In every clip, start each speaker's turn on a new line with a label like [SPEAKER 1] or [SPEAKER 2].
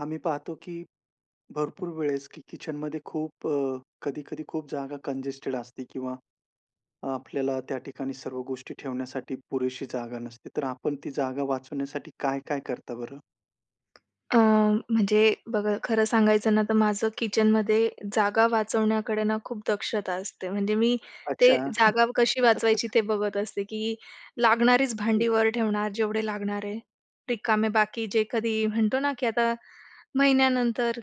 [SPEAKER 1] आम्ही पाहतो की भरपूर वेळेस की किचनमध्ये खूप अ, कधी-कधी खूप जागा कंजेस्टेड असते किंवा आपल्याला त्या ठिकाणी सर्व गोष्टी ठेवण्यासाठी पुरेशी जागा नसते. तर आपण ती जागा वाचवण्यासाठी काय-काय करता बरं?
[SPEAKER 2] अ,
[SPEAKER 1] हं.
[SPEAKER 2] म्हणजे बघा खरं सांगायचं ना तर माझं किचनमध्ये जागा वाचवण्याकडे ना खूप दक्षता असते. म्हणजे मी ते
[SPEAKER 1] अच्छा.
[SPEAKER 2] जागा कशी वाचवायची ते बघत असते, की लागणारीच
[SPEAKER 1] हं.
[SPEAKER 2] भांडी वर ठेवणार, जेवढे लागणार आहे. रिकामे बाकी जे कधी म्हणतो ना की आता महिन्यानंतर,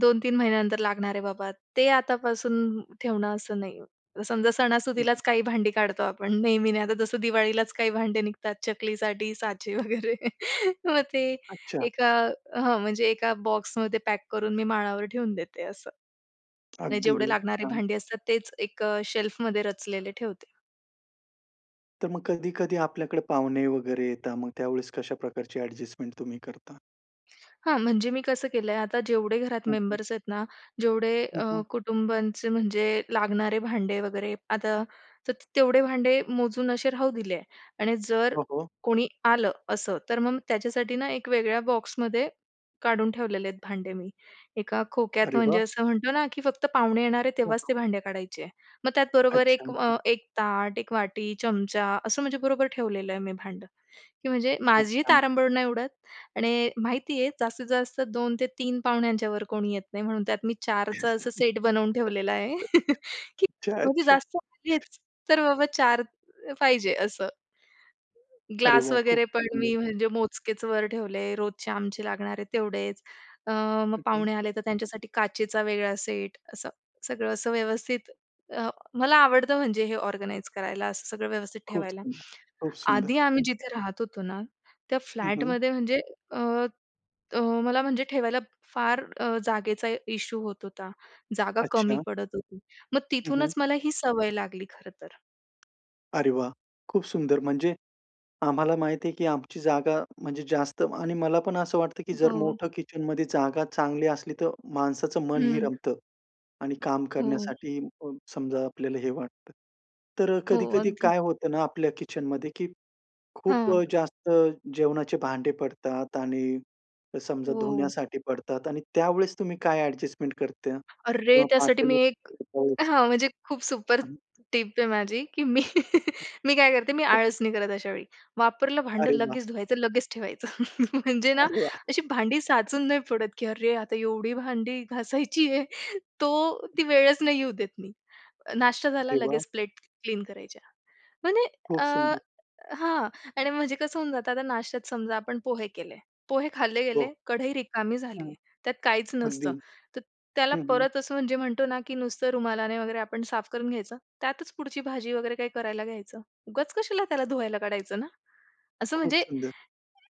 [SPEAKER 2] 2-3 महिन्यानंतर लागणार आहे बाबा, ते आतापासून ठेवणं असं नाही. समजा
[SPEAKER 1] हं,
[SPEAKER 2] सणासुदीलाच
[SPEAKER 1] हं.
[SPEAKER 2] काही भांडी काढतो आपण, नेहमी नाही. आता जसं दिवाळीलाच काही भांडे निघतात चकलीसाठी साचे वगैरे. मग ते
[SPEAKER 1] अच्छा.
[SPEAKER 2] एका हां, म्हणजे एका बॉक्समध्ये पॅक करून मी माळावर ठेवून देते असं. म्हणजे
[SPEAKER 1] अगदी
[SPEAKER 2] जेवढे
[SPEAKER 1] ब
[SPEAKER 2] लागणारे
[SPEAKER 1] छान.
[SPEAKER 2] भांडी असतात तेच एक अ, शेल्फमध्ये रचलेले ठेवते.
[SPEAKER 1] तर मग कधी-कधी आपल्याकडे पाहुणे वगैरे येतात मग त्यावेळेस कशा प्रकारची ॲड्जेस्टमेंट तुम्ही करता?
[SPEAKER 2] हां, म्हणजे मी कसं केलं आहे. आता जेवढे घरात
[SPEAKER 1] हं, हं.
[SPEAKER 2] मेंबर्स आहेत ना जेवढे
[SPEAKER 1] हं,
[SPEAKER 2] अ,
[SPEAKER 1] हं.
[SPEAKER 2] कुटुंबांचे म्हणजे लागणारे भांडे वगैरे आता त तर तेवढे भांडे मोजून असे राहू दिले आहे. आणि जर
[SPEAKER 1] हो, हो.
[SPEAKER 2] कोणी आलं असं, तर मग त्याच्यासाठी ना एक वेगळ्या बॉक्समध्ये काढून ठेवलेले आहेत भांडे मी. एका खोक्यात
[SPEAKER 1] अरे
[SPEAKER 2] म्हणजे
[SPEAKER 1] वाह!
[SPEAKER 2] असं म्हणतो ना की फक्त पाहुणे येणार आहे
[SPEAKER 1] हो
[SPEAKER 2] तेव्हाच
[SPEAKER 1] का?
[SPEAKER 2] ते भांडे काढायचे आहे. मग त्याचबरोबर
[SPEAKER 1] अच्छा,
[SPEAKER 2] एक
[SPEAKER 1] अच्छा.
[SPEAKER 2] अ, 1 ताट, 1 वाटी, चमचा, असं म्हणजे बरोबर ठेवलेलं आहे मी भांडं. की म्हणजे
[SPEAKER 1] खूप
[SPEAKER 2] माझीही
[SPEAKER 1] छान.
[SPEAKER 2] तारांबळ नाही उडत आणि माहिती आहे जास्तीत जास्त 2 ते 3 पाहुण्यांच्यावर कोणी येत नाही, म्हणून त्यात मी 4चं असं सेट बनवून ठेवलेला आहे की
[SPEAKER 1] अच्छा,
[SPEAKER 2] म्हणजे
[SPEAKER 1] अच्छा.
[SPEAKER 2] जास्त आलेच तर बाबा 4 पाहिजे असं.
[SPEAKER 1] अरे
[SPEAKER 2] ग्लास
[SPEAKER 1] वाह खूप
[SPEAKER 2] वगैरे पण
[SPEAKER 1] सुंदर!
[SPEAKER 2] मी म्हणजे मोजकेच वर ठेवले, रोजचे आमचे लागणार आहे तेवढेच. अ, मग
[SPEAKER 1] हं, हं.
[SPEAKER 2] पाहुणे आले तर त्यांच्यासाठी काचेचा वेगळा सेट असं. सगळं असं व्यवस्थित अ, मला आवडतं म्हणजे हे ऑर्गनाइज करायला असं सगळं व्यवस्थित
[SPEAKER 1] खूप
[SPEAKER 2] ठेवायला.
[SPEAKER 1] सुंदर! खूप सुंदर!
[SPEAKER 2] आधी आम्ही जिथे राहत होतो ना त्या
[SPEAKER 1] हं, हं.
[SPEAKER 2] फ्लॅटमध्ये म्हणजे अ, अ, मला म्हणजे ठेवायला फार अ, जागेचा इश्यू होत होता. जागा कमी
[SPEAKER 1] अच्छा.
[SPEAKER 2] पडत होती. मग
[SPEAKER 1] हं, हं.
[SPEAKER 2] तिथूनच मला ही सवय लागली खरं तर.
[SPEAKER 1] अरे वाह! खूप सुंदर म्हणजे आम्हाला माहिती आहे, की आमची जागा म्हणजे जास्त आणि मला पण असं वाटतं, की जर
[SPEAKER 2] हो.
[SPEAKER 1] मोठं किचन मध्ये जागा चांगली असली तर माणसाचं मनही
[SPEAKER 2] हं.
[SPEAKER 1] रमतं. आणि काम
[SPEAKER 2] हो.
[SPEAKER 1] करण्यासाठी अ, समजा आपल्याला हे वाटतं. तर
[SPEAKER 2] हो.
[SPEAKER 1] कधी-कधी
[SPEAKER 2] अगदी.
[SPEAKER 1] काय होतं ना आपल्या किचनमध्ये, की खूप
[SPEAKER 2] हां.
[SPEAKER 1] जास्त जेवणाचे भांडे पडतात आणि समजा
[SPEAKER 2] हो.
[SPEAKER 1] धुण्यासाठी पडतात आणि त्यावेळेस तुम्ही काय ॲडजस्टमेंट करता
[SPEAKER 2] अरे!
[SPEAKER 1] किंवा
[SPEAKER 2] त्यासाठी
[SPEAKER 1] पातेलं
[SPEAKER 2] मी एक
[SPEAKER 1] [unintelligible]
[SPEAKER 2] हां. म्हणजे खूप सुपर टिप आहे माझी, की मी मी काय करते मी आळस नाही करत अशावेळी. वापरलं भांडं
[SPEAKER 1] अरे वाह!
[SPEAKER 2] लगेच धुवायचं, लगेच ठेवायचं. म्हणजे ना
[SPEAKER 1] अरे वाह!
[SPEAKER 2] अशी भांडी साचून नाही पडत. की "अरे! आता एवढी भांडी घासायची आहे?" तो ती वेळच नाही येऊ देत मी. नाश्ता झाला
[SPEAKER 1] अरे वाह!
[SPEAKER 2] लगेच प्लेट क्लीन करायच्या म्हणजे
[SPEAKER 1] खूप
[SPEAKER 2] अ,
[SPEAKER 1] सुंदर!
[SPEAKER 2] हां. आणि म्हणजे कसं होऊन जातं आता नाश्त्यात समजा आपण पोहे केले. पोहे खाल्ले
[SPEAKER 1] हो.
[SPEAKER 2] गेले, कढई रिकामी झाली
[SPEAKER 1] हं.
[SPEAKER 2] आहे त्यात काहीच नसतं
[SPEAKER 1] अगदी.
[SPEAKER 2] तर त्याला
[SPEAKER 1] हं, हं.
[SPEAKER 2] परत असं म्हणजे म्हणतो ना की नुसतं रुमालाने वगैरे आपण साफ करून घ्यायचं, त्यातच पुढची भाजी वगैरे काही करायला घ्यायचं. उगाच कशाला त्याला धुवायला काढायचं ना? असं
[SPEAKER 1] खूप
[SPEAKER 2] म्हणजे
[SPEAKER 1] सुंदर!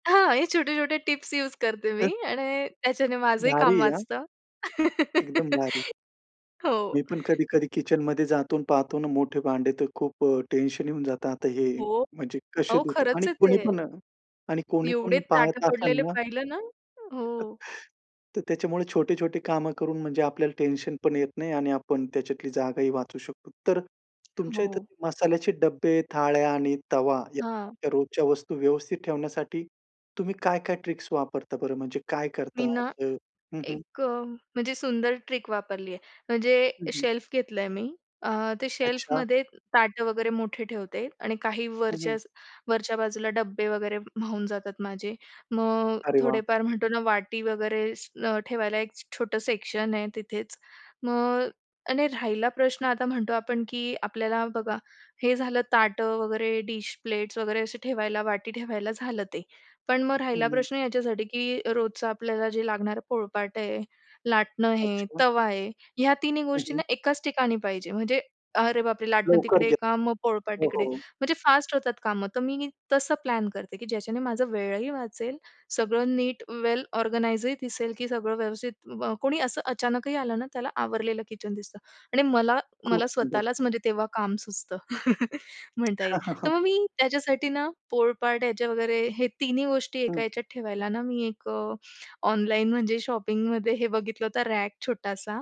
[SPEAKER 2] हां. हे छोटे-छोटे टिप्स यूज करते मी. आणि त्याच्याने माझंही
[SPEAKER 1] भारी
[SPEAKER 2] काम
[SPEAKER 1] आहे हां.
[SPEAKER 2] वाचतं.
[SPEAKER 1] एकदम भारी!
[SPEAKER 2] हो.
[SPEAKER 1] मी पण कधी-कधी किचन मध्ये जातो आणि पाहतो ना मोठे भांडे तर खूप टेन्शन येऊन जातं आता हे
[SPEAKER 2] हो.
[SPEAKER 1] म्हणजे कसे
[SPEAKER 2] अहो
[SPEAKER 1] धुत आणि
[SPEAKER 2] खरंच आहे
[SPEAKER 1] कोणी
[SPEAKER 2] ते.
[SPEAKER 1] पण आणि कोणी
[SPEAKER 2] एवढे
[SPEAKER 1] पण
[SPEAKER 2] ताटं
[SPEAKER 1] पाहत असेल
[SPEAKER 2] पडलेले
[SPEAKER 1] ना
[SPEAKER 2] पाहिलं ना? हो.
[SPEAKER 1] तर त्याच्यामुळे छोटे-छोटे कामं करून म्हणजे आपल्याला टेन्शन पण येत नाही. आणि आपण त्याच्यातली जागाही वाचू शकतो. तर तुमच्या इथं
[SPEAKER 2] हो.
[SPEAKER 1] मसाल्याचे डब्बे, थाळ्या आणि तवा या
[SPEAKER 2] हां.
[SPEAKER 1] [unintelligible] रोजच्या वस्तू व्यवस्थित ठेवण्यासाठी तुम्ही काय-काय ट्रिक्स वापरता? बरं म्हणजे काय
[SPEAKER 2] मी
[SPEAKER 1] करता
[SPEAKER 2] ना
[SPEAKER 1] असं? हं, हं.
[SPEAKER 2] एक म्हणजे सुंदर ट्रिक वापरली आहे. म्हणजे
[SPEAKER 1] हं, हं.
[SPEAKER 2] शेल्फ घेतलं आहे मी. अ, ते
[SPEAKER 1] अच्छा.
[SPEAKER 2] शेल्फमध्ये ताटं वगैरे मोठे ठेवते. आणि काही
[SPEAKER 1] हं,
[SPEAKER 2] वरचं
[SPEAKER 1] हं.
[SPEAKER 2] वरच्या बाजूला डब्बे वगैरे माऊन जातात माझे. मग
[SPEAKER 1] अरे वाह!
[SPEAKER 2] थोडेफार म्हणतो ना वाटी वगैरे ठेवायला एक छोटं सेक्शन आहे तिथेच. मग आणि राहिला प्रश्न आता म्हणतो आपण, की आपल्याला बघा हे झालं ताटं वगैरे, डिश, प्लेट्स वगैरे असे ठेवायला वाटी ठेवायला झालं ते. पण मग राहिला
[SPEAKER 1] हं, हं.
[SPEAKER 2] प्रश्न याच्यासाठी, की रोजचं आपल्याला जे लागणारं पोळपाट आहे लाटणं आहे
[SPEAKER 1] अच्छा.
[SPEAKER 2] तवा आहे ह्या तिन्ही
[SPEAKER 1] हं,
[SPEAKER 2] गोष्टींना
[SPEAKER 1] हं.
[SPEAKER 2] एकाच ठिकाणी पाहिजे म्हणजे "अरे बापरे! लाटणं
[SPEAKER 1] लवकर
[SPEAKER 2] तिकडे
[SPEAKER 1] घेत
[SPEAKER 2] का? पोळपाट
[SPEAKER 1] हो,
[SPEAKER 2] तिकडे."
[SPEAKER 1] हो.
[SPEAKER 2] म्हणजे फास्ट होतात कामं तर मी तसं प्लॅन करते, की ज्याच्याने माझा वेळही वाचेल सगळं नीट वेल ऑर्गनाइजही दिसेल, की सगळं व्यवस्थित कोणी असं अचानकही आलं ना त्याला आवरलेलं किचन दिसतं. आणि मला
[SPEAKER 1] खूप
[SPEAKER 2] मला
[SPEAKER 1] सुंदर!
[SPEAKER 2] स्वतःलाच म्हणजे तेव्हा काम सुचतं म्हणता येईल. तर मग मी त्याच्यासाठी ना पोळपाट याचे वगैरे हे तिन्ही गोष्टी एका
[SPEAKER 1] हं.
[SPEAKER 2] याच्यात ठेवायला ना मी एक ऑनलाईन म्हणजे शॉपिंगमध्ये हे बघितलं होतं रॅक छोटासा,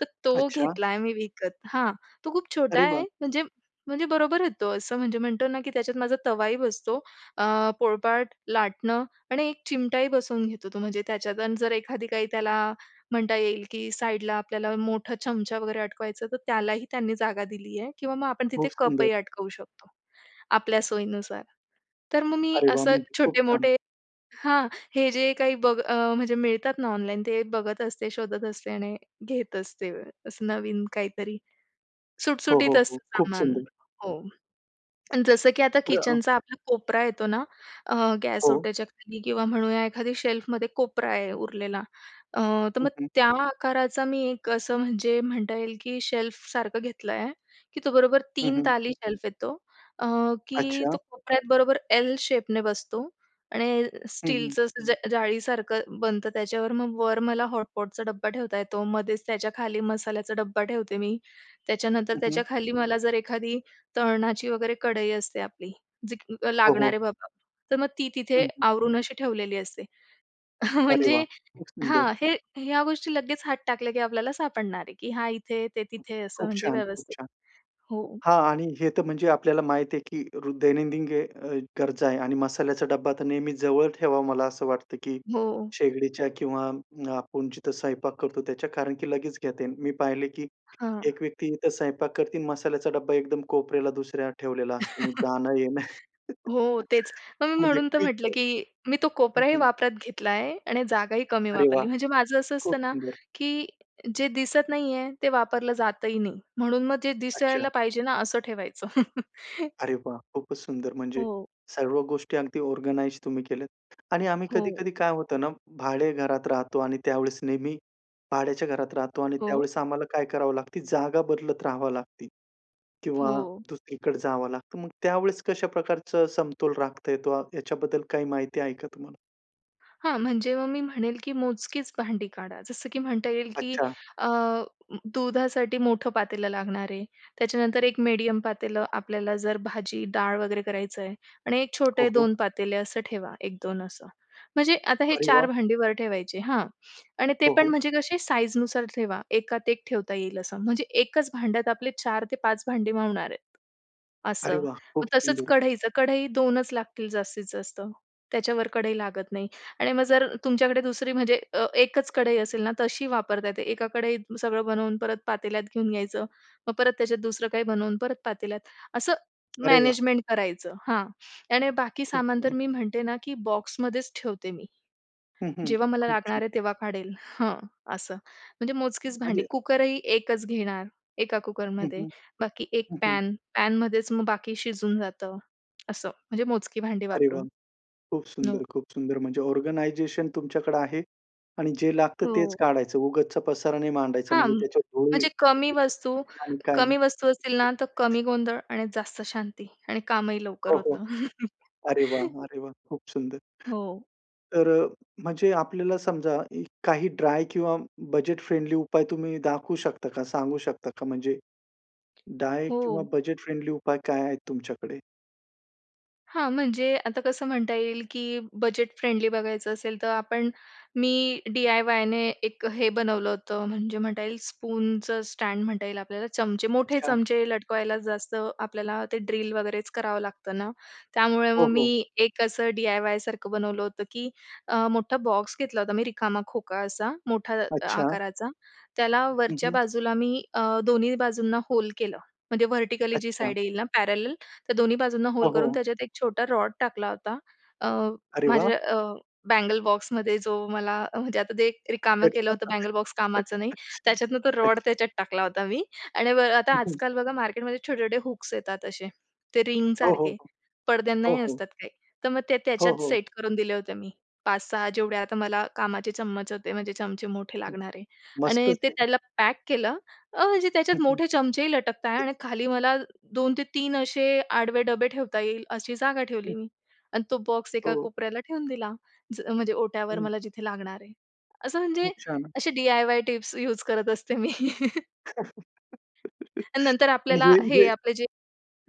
[SPEAKER 2] तर तो
[SPEAKER 1] अच्छा.
[SPEAKER 2] घेतला आहे मी विकत. हां. तो खूप छोटा
[SPEAKER 1] अरे
[SPEAKER 2] आहे
[SPEAKER 1] वाह!
[SPEAKER 2] म्हणजे म्हणजे बरोबर आहे तो अ, असं म्हणजे म्हणतो ना, की त्याच्यात माझा तवाही बसतो. अ, पोळपाट, लाटणं आणि एक चिमटाही बसवून घेतो, तो म्हणजे त्याच्यात आणि जर एखादी काही त्याला म्हणता येईल, की साईडला आपल्याला मोठा चमचा वगैरे अटकवायचं तर त्यालाही त्यांनी जागा दिली आहे किंवा मग आपण तिथे
[SPEAKER 1] खूप
[SPEAKER 2] कपही
[SPEAKER 1] सुंदर!
[SPEAKER 2] अटकवू शकतो, आपल्या सोयीनुसार. तर मग मी
[SPEAKER 1] अरे वाह!
[SPEAKER 2] असं
[SPEAKER 1] म्हणजे खूप छान!
[SPEAKER 2] छोटे-मोठे हां. हे जे काही बघ म्हणजे मिळतात ना ऑनलाईन ते बघत असते, शोधत असते आणि घेत असते असं नवीन काहीतरी.
[SPEAKER 1] हो,
[SPEAKER 2] सुटसुटीत
[SPEAKER 1] हो, हो.
[SPEAKER 2] असतं
[SPEAKER 1] खूप
[SPEAKER 2] सामान.
[SPEAKER 1] सुंदर!
[SPEAKER 2] हो. आणि जसं की आता
[SPEAKER 1] बरं अ
[SPEAKER 2] किचनचा आपला कोपरा येतो ना अ, गॅस
[SPEAKER 1] हो.
[SPEAKER 2] ओट्याच्या खाली किंवा म्हणूया एखादी शेल्फमध्ये कोपरा आहे उरलेला अ, तर
[SPEAKER 1] हं,
[SPEAKER 2] मग
[SPEAKER 1] हं.
[SPEAKER 2] त्या आकाराचा मी एक असं म्हणजे म्हणता येईल, की शेल्फसारखं घेतलं आहे. की तो बरोबर
[SPEAKER 1] हं,
[SPEAKER 2] 3
[SPEAKER 1] हं.
[SPEAKER 2] ताली शेल्फ येतो. अ, की
[SPEAKER 1] अच्छा.
[SPEAKER 2] तो कोपऱ्यात बरोबर एल शेपने बसतो. आणि
[SPEAKER 1] हं, हं.
[SPEAKER 2] स्टीलचं ज जाळीसारखं बनतं त्याच्यावर मग वर मला हॉटपॉटचा डब्बा ठेवता येतो मध्येच त्याच्याखाली मसाल्याचा डब्बा ठेवते मी त्याच्यानंतर
[SPEAKER 1] हं, हं.
[SPEAKER 2] त्याच्याखाली मला जर एखादी तळणाची वगैरे कढई असते आपली जी
[SPEAKER 1] हो,
[SPEAKER 2] लागणार
[SPEAKER 1] हो.
[SPEAKER 2] आहे बाबा, तर मग ती तिथे
[SPEAKER 1] हं, हं.
[SPEAKER 2] आवरून अशी ठेवलेली असते.
[SPEAKER 1] अरे वाह!
[SPEAKER 2] म्हणजे
[SPEAKER 1] खूप सुंदर!
[SPEAKER 2] हां. हे ह्या गोष्टी लगेच हात टाकल्या, की आपल्याला सापडणार आहे, की हा इथे ते तिथे असं
[SPEAKER 1] खूप
[SPEAKER 2] म्हणजे
[SPEAKER 1] छान, खूप
[SPEAKER 2] व्यवस्थित.
[SPEAKER 1] छान!
[SPEAKER 2] हो.
[SPEAKER 1] हां. आणि हे तर म्हणजे आपल्याला माहीत आहे, की अ, रो दैनंदिन गरजा आहे आणि मसाल्याचा डब्बा तर नेहमी जवळ ठेवावा मला असं वाटतं, की
[SPEAKER 2] हो.
[SPEAKER 1] शेगडीच्या किंवा आपण जिथं स्वयंपाक करतो त्याच्या कारण की लगेच घेता येईल. मी पाहिले की
[SPEAKER 2] हां.
[SPEAKER 1] एक व्यक्ती इथं स्वयंपाक करते आणि मसाल्याचा डब्बा एकदम कोपऱ्याला दुसऱ्या ठेवलेला असतो. मग जाणं-येणं.
[SPEAKER 2] हो तेच मग मी म्हणून तर म्हटलं
[SPEAKER 1] [unintelligible] हं,
[SPEAKER 2] की मी तो कोपराही
[SPEAKER 1] हं.
[SPEAKER 2] वापरात घेतला आहे आणि जागाही कमी
[SPEAKER 1] अरे वाह!
[SPEAKER 2] वापरली. म्हणजे माझं असं
[SPEAKER 1] खूप
[SPEAKER 2] असतं ना,
[SPEAKER 1] सुंदर!
[SPEAKER 2] की जे दिसत नाही आहे ते वापरलं जातही नाही म्हणून मग जे दिसायला
[SPEAKER 1] अच्छा.
[SPEAKER 2] पाहिजे ना असं ठेवायचं.
[SPEAKER 1] अरे वाह! खूपच सुंदर म्हणजे
[SPEAKER 2] हो.
[SPEAKER 1] सर्व गोष्टी अगदी ऑर्गनाइज तुम्ही केल्यात. आणि आम्ही
[SPEAKER 2] हो.
[SPEAKER 1] कधी-कधी काय होतं ना भाड्याच्या घरात राहतो आणि त्यावेळेस नेहमी भाड्याच्या घरात राहतो आणि
[SPEAKER 2] हो.
[SPEAKER 1] त्यावेळेस आम्हाला काय करावं लागतं जागा बदलत राहावं लागते किंवा
[SPEAKER 2] हो.
[SPEAKER 1] दुसरीकडे जावं लागतं. मग त्यावेळेस कशा प्रकारचा समतोल राखता येतो याच्याबद्दल काही माहिती आहे का तुम्हाला?
[SPEAKER 2] हां. म्हणजे मग मी म्हणेल की मोजकीच भांडी काढा जसं, की म्हणता येईल की
[SPEAKER 1] अच्छा.
[SPEAKER 2] अ, दुधासाठी मोठं पातेलं लागणार आहे. त्याच्यानंतर एक मेडियम पातेलं आपल्याला जर भाजी-डाळ वगैरे करायचंय आणि एक
[SPEAKER 1] हो,
[SPEAKER 2] छोटे
[SPEAKER 1] हो.
[SPEAKER 2] 2 पातेल असं ठेवा, 1-2 असं. म्हणजे आता हे
[SPEAKER 1] अरे
[SPEAKER 2] 4
[SPEAKER 1] वाह!
[SPEAKER 2] भांडी वर ठेवायचे, हां. आणि ते
[SPEAKER 1] हो,
[SPEAKER 2] पण
[SPEAKER 1] हो.
[SPEAKER 2] म्हणजे कसे साईजनुसार ठेवा. एकात-एक ठेवता येईल असं म्हणजे एकच भांड्यात आपले 4 ते 5 भांडी मावणार आहेत,
[SPEAKER 1] अरे
[SPEAKER 2] असं.
[SPEAKER 1] वाह! खूप
[SPEAKER 2] मग तसंच
[SPEAKER 1] सुंदर.
[SPEAKER 2] कढईचं, कढई 2च लागतील जास्तीत जास्त, त्याच्या वर कढई लागत नाही. आणि मग जर तुमच्याकडे दुसरी म्हणजे अ, एकच कढई असेल ना तशी वापरता येते एका कढईत सगळं बनवून परत पातेल्यात घेऊन घ्यायचं. मग परत त्याच्यात दुसरं काही बनवून परत पातेल्यात असं
[SPEAKER 1] अरे वाह!
[SPEAKER 2] मॅनेजमेंट करायचं. हां आणि बाकी
[SPEAKER 1] खूप
[SPEAKER 2] सामान तर
[SPEAKER 1] सुंद
[SPEAKER 2] मी म्हणते ना, की बॉक्समध्येच ठेवते मी.
[SPEAKER 1] हं, हं.
[SPEAKER 2] जेव्हा मला
[SPEAKER 1] खूप छान.
[SPEAKER 2] लागणार आहे तेव्हा काढेल. हं, असं. म्हणजे मोजकीच भांडी
[SPEAKER 1] म्हणजे?
[SPEAKER 2] कुकरही एकच घेणार, एका
[SPEAKER 1] हं,
[SPEAKER 2] कुकरमध्ये
[SPEAKER 1] हं,
[SPEAKER 2] बाकी एक
[SPEAKER 1] हं, हं.
[SPEAKER 2] पॅन. पॅनमध्येच मग बाकी शिजून जातं, असं. म्हणजे मोजकी भांडी
[SPEAKER 1] अरे
[SPEAKER 2] वापरून.
[SPEAKER 1] वाह! खूप सुंदर,
[SPEAKER 2] हो.
[SPEAKER 1] खूप सुंदर. म्हणजे ऑर्गनायझेशन तुमच्याकडं आहे आणि जे लागतं तेच
[SPEAKER 2] हो.
[SPEAKER 1] काढायचं, उगाचचा पसारा नाय मांडायचा
[SPEAKER 2] हां.
[SPEAKER 1] म्हणजे त्याच्या धुळी
[SPEAKER 2] म्हणजे कमी वस्तू
[SPEAKER 1] [unintelligible] आणि काय नाही.
[SPEAKER 2] कमी वस्तू असतील ना तर
[SPEAKER 1] [unintelligible]
[SPEAKER 2] कमी गोंधळ आणि जास्त शांती आणि कामही लवकर
[SPEAKER 1] हो, हो.
[SPEAKER 2] होतं.
[SPEAKER 1] अरे वाह! अरे वाह! खूप सुंदर.
[SPEAKER 2] हो.
[SPEAKER 1] तर म्हणजे आपल्याला समजा काही ड्राय किंवा बजेट फ्रेंडली उपाय तुम्ही दाखवू शकता का? सांगू शकता का? म्हणजे ड्राय किंवा
[SPEAKER 2] हो.
[SPEAKER 1] बजेट फ्रेंडली उपाय काय आहेत तुमच्याकडे?
[SPEAKER 2] हां. म्हणजे आता कसं म्हणता येईल, की बजेट फ्रेंडली बघायचं असेल, तर आपण मी डी-आय-वायने एक हे बनवलं होतं. म्हणजे म्हणता येईल स्पूनचं स्टँड म्हणता येईल आपल्याला. चमचे मोठे
[SPEAKER 1] अच्छा.
[SPEAKER 2] चमचे लटकवायलाच जास्त आपल्याला ते ड्रिल वगैरेच करावं लागतं ना. त्यामुळे मग
[SPEAKER 1] हो, हो.
[SPEAKER 2] मी एक असं डी-आय-वाय सारखं बनवलं होतं की अ, मोठा बॉक्स घेतला होता, मी रिकामा खोका असा मोठा अ,
[SPEAKER 1] अच्छा.
[SPEAKER 2] आकाराचा, त्याला
[SPEAKER 1] हं,
[SPEAKER 2] वरच्या
[SPEAKER 1] हं.
[SPEAKER 2] बाजूला मी अ, दोन्ही बाजूंना होल केलं. म्हणजे व्हर्टिकली जी
[SPEAKER 1] अच्छा.
[SPEAKER 2] साईड येईल ना पॅरलल, तर दोन्ही बाजूंना
[SPEAKER 1] हो,
[SPEAKER 2] होल करून
[SPEAKER 1] हो.
[SPEAKER 2] त्याच्यात एक छोटा रॉड टाकला होता. अ,
[SPEAKER 1] अरे वाह!
[SPEAKER 2] माझ्या अ, बँगल बॉक्समध्ये जो मला अ, म्हणजे आता जे रिकामं केलं होतं बँगल बॉक्स कामाचं नाही.
[SPEAKER 1] [unintelligible]
[SPEAKER 2] त्याच्यातनं तो रॉड
[SPEAKER 1] अच्छा.
[SPEAKER 2] त्याच्यात टाकला होता मी. आणि बघा आता
[SPEAKER 1] हं, हं.
[SPEAKER 2] आजकाल बघा मार्केटमध्ये छोटे-छोटे हुक्स येतात असे, ते
[SPEAKER 1] हो, हो.
[SPEAKER 2] रिंगसारखे
[SPEAKER 1] हो,
[SPEAKER 2] पडद्यांनाही
[SPEAKER 1] हो.
[SPEAKER 2] असतात काही. तर मग ते
[SPEAKER 1] हो,
[SPEAKER 2] त्याच्यात
[SPEAKER 1] हो.
[SPEAKER 2] सेट करून दिले होते मी. 5-6 जेवढे आता मला कामाचे चम्मच होते, म्हणजे चमचे मोठे
[SPEAKER 1] हं,
[SPEAKER 2] लागणारे आणि ते
[SPEAKER 1] मस्तच आहे.
[SPEAKER 2] त्याला पॅक केलं, अ, म्हणजे
[SPEAKER 1] हं,
[SPEAKER 2] त्याच्यात
[SPEAKER 1] हं.
[SPEAKER 2] मोठे चमचेही लटकत आहे आणि खाली मला 2 ते 3 असे आडवे डबे ठेवता येईल अशी जागा
[SPEAKER 1] हं.
[SPEAKER 2] ठेवली मी आणि तो बॉक्स एका
[SPEAKER 1] हो.
[SPEAKER 2] कोपऱ्याला ठेवून दिला. ज म्हणजे ओठ्यावर
[SPEAKER 1] हं.
[SPEAKER 2] मला जिथे लागणार आहे. असं म्हणजे
[SPEAKER 1] खूप छान.
[SPEAKER 2] असे डी-आय-वाय टिप्स यूज करत असते मी. आणि नंतर
[SPEAKER 1] आणि
[SPEAKER 2] आपल्याला
[SPEAKER 1] हे
[SPEAKER 2] हे
[SPEAKER 1] हे.
[SPEAKER 2] आपले जे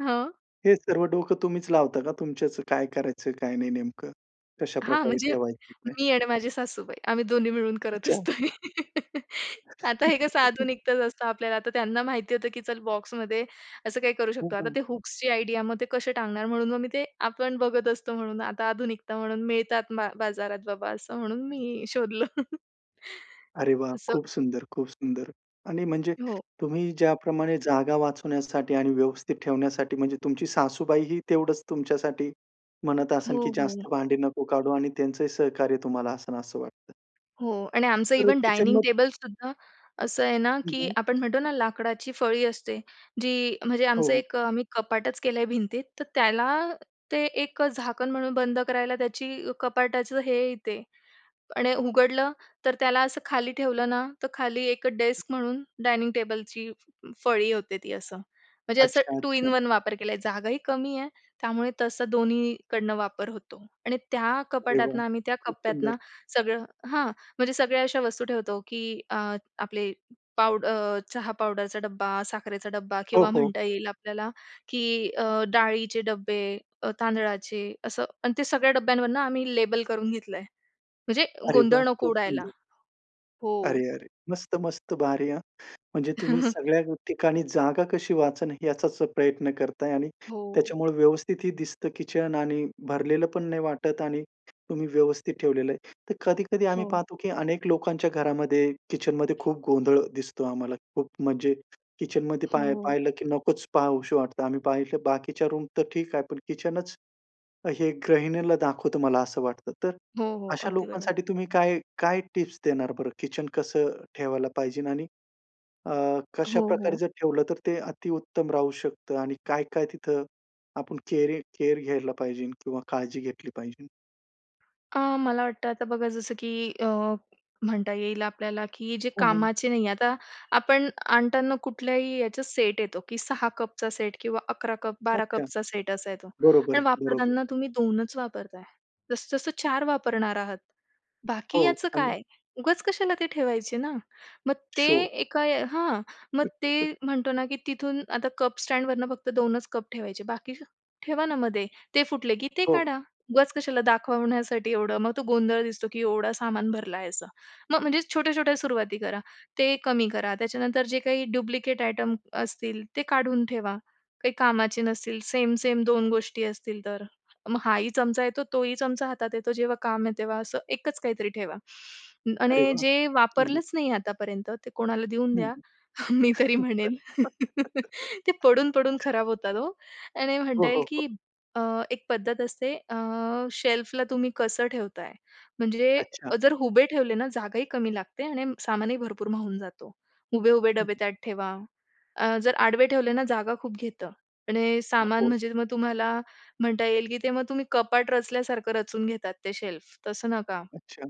[SPEAKER 2] हं.
[SPEAKER 1] हे सर्व डोकं तुम्हीच लावता का? तुमच्याचं काय करायचं काय नाही, नेमकं कशा
[SPEAKER 2] हां.
[SPEAKER 1] प्रकारे
[SPEAKER 2] म्हणजे
[SPEAKER 1] ठेवायचं ते?
[SPEAKER 2] मी आणि माझे सासूबाई आम्ही दोन्ही मिळून करत
[SPEAKER 1] अच्छा.
[SPEAKER 2] असतो हे. आता हे कसं आधुनिकतच असतं आपल्याला आता त्यांना माहिती होतं, की चल बॉक्समध्ये असं काही करू
[SPEAKER 1] हं,
[SPEAKER 2] शकतो. आता
[SPEAKER 1] हं.
[SPEAKER 2] ते हुक्सची आयडिया मग ते कसे टांगणार? म्हणून मग मी ते आपण बघत असतो म्हणून आता आधुनिकता म्हणून मिळतात बा बाजारात बाबा असं म्हणून मी शोधलं.
[SPEAKER 1] अरे वाह!
[SPEAKER 2] असं.
[SPEAKER 1] खूप सुंदर, खूप सुंदर. आणि म्हणजे
[SPEAKER 2] हो.
[SPEAKER 1] तुम्ही ज्याप्रमाणे जागा वाचवण्यासाठी आणि व्यवस्थित ठेवण्यासाठी म्हणजे तुमची सासूबाईही तेवढंच तुमच्यासाठी म्हणत असेन
[SPEAKER 2] हो,
[SPEAKER 1] की
[SPEAKER 2] हो.
[SPEAKER 1] जास्त भांडी नको काढू आणि त्यांचंही सहकार्य तुम्हाला असेन असं वाटतं.
[SPEAKER 2] हो. आणि आमचं
[SPEAKER 1] तर
[SPEAKER 2] इव्हन डायनिंग
[SPEAKER 1] किचनमध्ये.
[SPEAKER 2] टेबलसुद्धा असं आहे ना
[SPEAKER 1] हं,
[SPEAKER 2] की
[SPEAKER 1] हं.
[SPEAKER 2] आपण म्हणतो ना लाकडाची फळी असते, जी म्हणजे आमचं
[SPEAKER 1] हो.
[SPEAKER 2] एक आम्ही कपाटच केल आहे भिंतीत. तर त्याला ते एक झाकण म्हणून बंद करायला त्याची कपाटाचं हे येते आणि उघडलं तर त्याला असं खाली ठेवलं ना तर खाली एक डेस्क म्हणून डायनिंग टेबलची फळी होते ती असं. म्हणजे असं
[SPEAKER 1] अच्छा,
[SPEAKER 2] टू इन
[SPEAKER 1] अच्छा.
[SPEAKER 2] वन वापर केला आहे. जागाही कमी आहे त्यामुळे तसं दोन्हीकडून वापर होतो. आणि त्या
[SPEAKER 1] अरे
[SPEAKER 2] कपाटातुन
[SPEAKER 1] वाह!
[SPEAKER 2] आम्ही त्या
[SPEAKER 1] खूप
[SPEAKER 2] कप्प्यातुन
[SPEAKER 1] सुंदर.
[SPEAKER 2] सगळं हां. म्हणजे सगळ्या अशा वस्तू ठेवतो की अ, आपले पावड चहा पावडरचा डब्बा, साखरेचा डब्बा
[SPEAKER 1] हो,
[SPEAKER 2] किंवा
[SPEAKER 1] हो.
[SPEAKER 2] म्हणता येईल आपल्याला की अ, डाळीचे डब्बे अ, तांदळाचे असं आणि ते सगळ्या डब्यांवरुन आम्ही लेबल करून घेतलं आहे. म्हणजे
[SPEAKER 1] अरे वाह!
[SPEAKER 2] गोंधळ नको
[SPEAKER 1] खूप
[SPEAKER 2] उडायला.
[SPEAKER 1] सुंदर.
[SPEAKER 2] हो.
[SPEAKER 1] अरे, अरे, मस्त-मस्त भारी हां! म्हणजे तुम्ही सगळ्या ठिकाणी जागा कशी वाचणं याचाच प्रयत्न करत आहे. आणि
[SPEAKER 2] हो.
[SPEAKER 1] त्याच्यामुळे व्यवस्थित ही दिसतं किचन आणि भरलेलं पण नाही वाटत आणि तुम्ही व्यवस्थित ठेवलेलं आहे. तर कधी-कधी आम्ही
[SPEAKER 2] हो.
[SPEAKER 1] पाहतो की अनेक लोकांच्या घरामध्ये किचनमध्ये खूप गोंधळ दिसतो आम्हाला. खूप म्हणजे किचनमध्ये पाही
[SPEAKER 2] हो.
[SPEAKER 1] पाहिलं की नकोच पहाव असे वाटतं. आम्ही पाहिलं बाकीच्या रूम तर ठीक आहे, पण किचनच हे गृहिणीला दाखवतो मला असं वाटतं. तर
[SPEAKER 2] हो, हो.
[SPEAKER 1] अशा
[SPEAKER 2] अगदी बरोबर.
[SPEAKER 1] लोकांसाठी तुम्ही काय काय टिप्स देणार बरं? किचनच कसं ठेवायला पाहिजेलं? आणि अ, कशा
[SPEAKER 2] हो,
[SPEAKER 1] प्रकारे
[SPEAKER 2] हो.
[SPEAKER 1] जर ठेवलं तर ते अति उत्तम राहू शकतं. आणि काय-काय तिथं आपण केयरी केयर घ्यायला पाहिजेल? किंवा काळजी घेतली पाहिजेलं?
[SPEAKER 2] अ, मला वाटतं आता बघा, जसं की अ, म्हणता येईल आपल्याला की जे
[SPEAKER 1] हं, हं.
[SPEAKER 2] कामाचे नाही आहे, आता आपण आणताना कुठल्याही याचा सेट येतो, की 6 कपचा सेट किंवा 11-12
[SPEAKER 1] अच्छा!
[SPEAKER 2] कपचा सेट असा येतो.
[SPEAKER 1] बरोबर
[SPEAKER 2] आणि
[SPEAKER 1] आहे, बरोबर.
[SPEAKER 2] वापरताना तुम्ही 2च वापरताय, जास्तीत जास्त 4 वापरणार आहात, बाकी
[SPEAKER 1] हो,
[SPEAKER 2] याचं
[SPEAKER 1] आणि
[SPEAKER 2] काय? उगाच कशाला ते ठेवायचे ना. मग ते
[SPEAKER 1] शो.
[SPEAKER 2] एका हां, मग
[SPEAKER 1] [unintelligible]
[SPEAKER 2] ते म्हणतो ना, की तिथून आता कप स्टँडवर फक्त 2च कप ठेवायचे, बाकी ठेवणामध्ये. ते फुटले की ते
[SPEAKER 1] हो.
[SPEAKER 2] काढा, उगाच कशाला दाखवण्यासाठी एवढं? मग तो गोंधळ दिसतो, की एवढं सामान भरला आहे असं. म मग म्हणजे छोट्या-छोट्या सुरुवाती करा, ते कमी करा. त्याच्यानंतर जे काही डुप्लिकेट आयटम असतील, ते काढून ठेवा. काही कामाचे नसतील, सेम-सेम 2 गोष्टी असतील, तर मग हा ही चमचा येतो, तोही चमचा हातात येतो जेव्हा काम आहे, तेव्हा असं एकच काहीतरी ठेवा.
[SPEAKER 1] अरे
[SPEAKER 2] आणि
[SPEAKER 1] वाह!
[SPEAKER 2] जे
[SPEAKER 1] हं, हं.
[SPEAKER 2] वापरलंच नाही आहे, आतापर्यंत ते कोणाला देऊन
[SPEAKER 1] हं,
[SPEAKER 2] द्या.
[SPEAKER 1] हं.
[SPEAKER 2] मी तरी म्हणेन, ते पडून पडून खराब होतात हो. आणि म्हणता
[SPEAKER 1] हो, हो,
[SPEAKER 2] येईल,
[SPEAKER 1] हो.
[SPEAKER 2] की अ, एक पद्धत असते, अ, शेल्फला तुम्ही कसं ठेवताय? म्हणजे
[SPEAKER 1] अच्छा.
[SPEAKER 2] जर उभे ठेवले ना, जागाही कमी लागते आणि सामानही भरपूर मावून जातो. उभे-उभे डबे
[SPEAKER 1] [unintelligible]
[SPEAKER 2] त्यात ठेवा. अ, जर आडवे ठेवले ना, जागा खूप घेतं आणि सामान
[SPEAKER 1] आहो.
[SPEAKER 2] म्हणजे मग तुम्हाला म्हणता येईल, की ते मग तुम्ही कपाट रचल्यासारखं रचून घेतात. ते शेल्फ तसं नका,
[SPEAKER 1] अच्छा!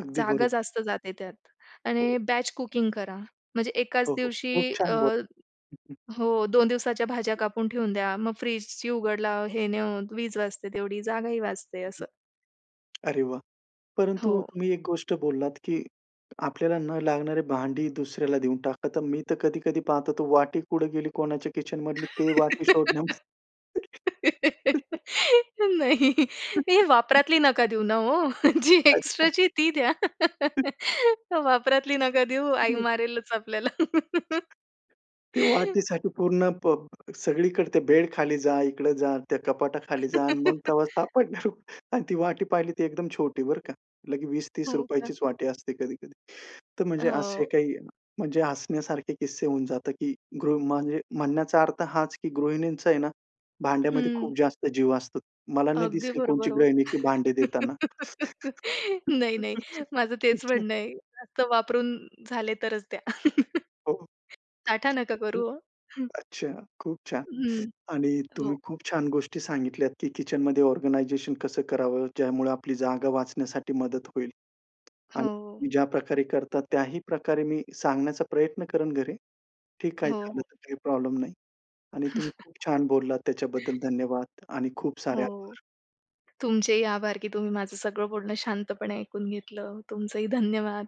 [SPEAKER 1] अगदी
[SPEAKER 2] जागा
[SPEAKER 1] बरो
[SPEAKER 2] जास्त जाते त्यात. आणि
[SPEAKER 1] हो.
[SPEAKER 2] बॅच कुकिंग करा, म्हणजे एकाच
[SPEAKER 1] हो, हो.
[SPEAKER 2] दिवशी,
[SPEAKER 1] खूप
[SPEAKER 2] अ,
[SPEAKER 1] छान बोलला. हं, हं.
[SPEAKER 2] हो. 2 दिवसाच्या भाज्या कापून ठेवून द्या. मग फ्रिजची उघड-लाव हे न होऊन वीज वाचते. तेवढी जागाही वाचते असं.
[SPEAKER 1] अरे वाह! परंतु
[SPEAKER 2] हो.
[SPEAKER 1] तुम्ही एक गोष्ट बोललात, की आपल्याला न लागणारे भांडी दुसऱ्याला देऊन टाका. तर मी तर कधी-कधी पाहत होतो, वाटी कुठं गेली कोणाच्या किचनमधली, ते वाटी शोधन्यामध्ये
[SPEAKER 2] नाही, हे वापरातली नका देऊ ना ओ. जी
[SPEAKER 1] [unintelligible]
[SPEAKER 2] एक्स्ट्राची ती द्या. वापरातली नका देऊ, आई
[SPEAKER 1] हं.
[SPEAKER 2] मारेलच आपल्याला.
[SPEAKER 1] [unintelligible] ते वाटीसाठी पूर्ण प सगळीकडं ते बेडखाली जा, इकडे जा, त्या कपाटाखाली जा. आणि मग तेव्हा सापडणार. आणि ती वाटी पाहिली, ती एकदम छोटी, बरं का, लगेच वीस-तीस
[SPEAKER 2] हो का?
[SPEAKER 1] रुपयेचीच वाटी असते. कधी-कधी तर, म्हणजे असे
[SPEAKER 2] हो.
[SPEAKER 1] काही, म्हणजे हसण्यासारखे किस्से होऊन जातं. की गृ म्हणजे म्हणण्याचा अर्थ हाच की गृहिणींचा आहे ना, भांड्यामध्ये
[SPEAKER 2] हम्म.
[SPEAKER 1] खूप जास्त जीव असतो. मला नाही
[SPEAKER 2] अगदी
[SPEAKER 1] दिसली कोणची
[SPEAKER 2] बरोबर ओ.
[SPEAKER 1] गृहिणी, की भांडे देताना.
[SPEAKER 2] नाही, नाही, माझं तेच
[SPEAKER 1] अच्छा.
[SPEAKER 2] म्हणणं आहे. जास्त वापरून झाले, तरच द्या.
[SPEAKER 1] हो.
[SPEAKER 2] साठा नका
[SPEAKER 1] हं.
[SPEAKER 2] करू ओ, हं.
[SPEAKER 1] अच्छा, खूप छान!
[SPEAKER 2] हं,
[SPEAKER 1] आणि
[SPEAKER 2] हो.
[SPEAKER 1] तुम्ही खूप छान गोष्टी सांगितल्यात, की किचनमध्ये ऑर्गनाईझेशन कसं करावं, ज्यामुळे आपली जागा वाचण्यासाठी मदत होईल.
[SPEAKER 2] हो.
[SPEAKER 1] आणि ज्या प्रकारे करता, त्याही प्रकारे मी सांगण्याचा प्रयत्न करेन घरी, की काय
[SPEAKER 2] हो,
[SPEAKER 1] झालं,
[SPEAKER 2] हो.
[SPEAKER 1] तर काही प्रॉब्लेम नाही. आणि तुम्ही खूप छान बोललात, त्याच्याबद्दल धन्यवाद आणि खूप सारे
[SPEAKER 2] हो.
[SPEAKER 1] आभार.
[SPEAKER 2] तुमचेही आभार, की तुम्ही माझं सगळं बोलणं शांतपणे ऐकून घेतलं, तुमचंही धन्यवाद.